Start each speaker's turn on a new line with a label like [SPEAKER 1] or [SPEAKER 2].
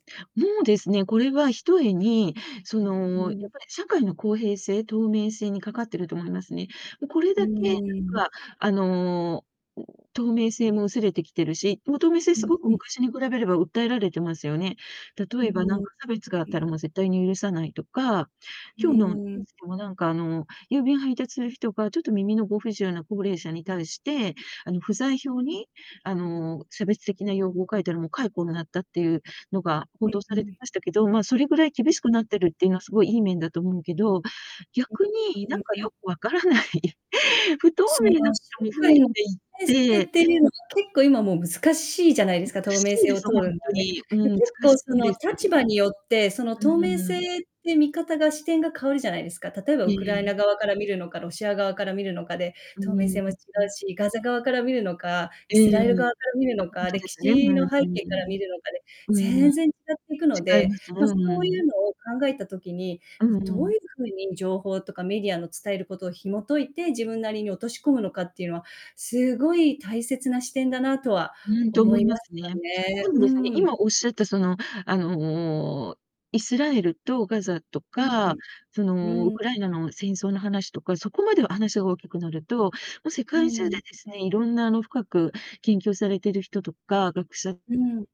[SPEAKER 1] もうですね。これはひとえに、そ
[SPEAKER 2] う
[SPEAKER 1] の、やっ
[SPEAKER 2] ん。
[SPEAKER 1] ぱり社会の公平性、透明性にかかっていると思いますね。これ
[SPEAKER 2] う
[SPEAKER 1] だけ、なん
[SPEAKER 2] ーん。
[SPEAKER 1] か、あの、ん、透明性も薄れてきてるし、もう、透明性
[SPEAKER 2] う
[SPEAKER 1] す
[SPEAKER 2] ん
[SPEAKER 1] ごく
[SPEAKER 2] うん。
[SPEAKER 1] 昔に比べれば訴えられてますよね。
[SPEAKER 2] う
[SPEAKER 1] 例
[SPEAKER 2] ー
[SPEAKER 1] えば、なん
[SPEAKER 2] ん。
[SPEAKER 1] か差別があっ
[SPEAKER 2] う
[SPEAKER 1] た
[SPEAKER 2] ん。
[SPEAKER 1] ら、もう、絶対に許さないとか、
[SPEAKER 2] う
[SPEAKER 1] 今日のニュー
[SPEAKER 2] ーん。
[SPEAKER 1] スでもなんか、あの、郵便配達する人が、ちょっと耳のご不自由な高齢者に対して、あの、不在票に、あの、差別的な用語を書いたら、もう、解雇になったっていうのが
[SPEAKER 2] う
[SPEAKER 1] 報
[SPEAKER 2] ん
[SPEAKER 1] 道
[SPEAKER 2] う
[SPEAKER 1] されて
[SPEAKER 2] ん。
[SPEAKER 1] ましたけど、まあ、それぐらい厳しくなってるっていうのはすごいいい面だと思うけど、
[SPEAKER 2] う、
[SPEAKER 1] 逆に、
[SPEAKER 2] う
[SPEAKER 1] なん
[SPEAKER 2] う
[SPEAKER 1] か
[SPEAKER 2] うん。
[SPEAKER 1] よく分からない、不透
[SPEAKER 2] その
[SPEAKER 1] 明なこ
[SPEAKER 2] 社
[SPEAKER 1] とも増え
[SPEAKER 2] 会
[SPEAKER 1] て
[SPEAKER 2] の明
[SPEAKER 1] いっ
[SPEAKER 2] 性
[SPEAKER 1] て
[SPEAKER 2] っていうのは、結構、今、もう、難しいじゃないで
[SPEAKER 1] む
[SPEAKER 2] す
[SPEAKER 1] つ
[SPEAKER 2] か、
[SPEAKER 1] か
[SPEAKER 2] 透
[SPEAKER 1] し
[SPEAKER 2] 明
[SPEAKER 1] い
[SPEAKER 2] 性
[SPEAKER 1] で
[SPEAKER 2] を
[SPEAKER 1] す
[SPEAKER 2] 通
[SPEAKER 1] よほ
[SPEAKER 2] る
[SPEAKER 1] ん
[SPEAKER 2] のは
[SPEAKER 1] と
[SPEAKER 2] ね。
[SPEAKER 1] に。
[SPEAKER 2] で、
[SPEAKER 1] うん、
[SPEAKER 2] 結
[SPEAKER 1] つか
[SPEAKER 2] 構、
[SPEAKER 1] し
[SPEAKER 2] そ
[SPEAKER 1] い
[SPEAKER 2] の、
[SPEAKER 1] です。
[SPEAKER 2] 立場によって、その、
[SPEAKER 1] う
[SPEAKER 2] 透明
[SPEAKER 1] ー
[SPEAKER 2] 性
[SPEAKER 1] ん。
[SPEAKER 2] って見方が、視点が変わるじゃないですか。例えば
[SPEAKER 1] え
[SPEAKER 2] ウクライ
[SPEAKER 1] え。
[SPEAKER 2] ナ側から見るのか、ロシア側から見るのかで、
[SPEAKER 1] う
[SPEAKER 2] 透明
[SPEAKER 1] ー
[SPEAKER 2] 性
[SPEAKER 1] ん。
[SPEAKER 2] も違う
[SPEAKER 1] ん。
[SPEAKER 2] し、ガザ側から見るのか、イ
[SPEAKER 1] え
[SPEAKER 2] ス
[SPEAKER 1] え。
[SPEAKER 2] ラエル側か
[SPEAKER 1] あ、
[SPEAKER 2] ら見るの
[SPEAKER 1] 本
[SPEAKER 2] か、
[SPEAKER 1] 当で
[SPEAKER 2] 歴
[SPEAKER 1] すね。ふ
[SPEAKER 2] 史の背景から
[SPEAKER 1] ん。
[SPEAKER 2] 見るのかで
[SPEAKER 1] うん。
[SPEAKER 2] 全然違っていくの
[SPEAKER 1] 違い
[SPEAKER 2] で、
[SPEAKER 1] ます。
[SPEAKER 2] まあ、
[SPEAKER 1] うん
[SPEAKER 2] そ
[SPEAKER 1] う
[SPEAKER 2] うい
[SPEAKER 1] ん。
[SPEAKER 2] うのを考えた時に、
[SPEAKER 1] う
[SPEAKER 2] まあ、
[SPEAKER 1] ん
[SPEAKER 2] ど
[SPEAKER 1] う
[SPEAKER 2] う
[SPEAKER 1] ん。
[SPEAKER 2] いう風に情報とかメディアの伝えることを紐解いて自分なりに落とし込むのかっていうのはすごい大切な視点だなとは
[SPEAKER 1] うんと
[SPEAKER 2] 思
[SPEAKER 1] 思
[SPEAKER 2] い
[SPEAKER 1] いま
[SPEAKER 2] まし
[SPEAKER 1] すね。
[SPEAKER 2] たね。
[SPEAKER 1] そう
[SPEAKER 2] う
[SPEAKER 1] ですね、
[SPEAKER 2] ーん。
[SPEAKER 1] 今おっしゃったその、あの、イスラエルとガザと
[SPEAKER 2] う
[SPEAKER 1] か、
[SPEAKER 2] ん。
[SPEAKER 1] その、ウ
[SPEAKER 2] うん。
[SPEAKER 1] クライナの戦争の話とか、そこまで話大きくなると、もう世
[SPEAKER 2] う
[SPEAKER 1] 界中でで
[SPEAKER 2] ん。
[SPEAKER 1] すね、色んなあの、深く研究をされている人とか、学者
[SPEAKER 2] うん。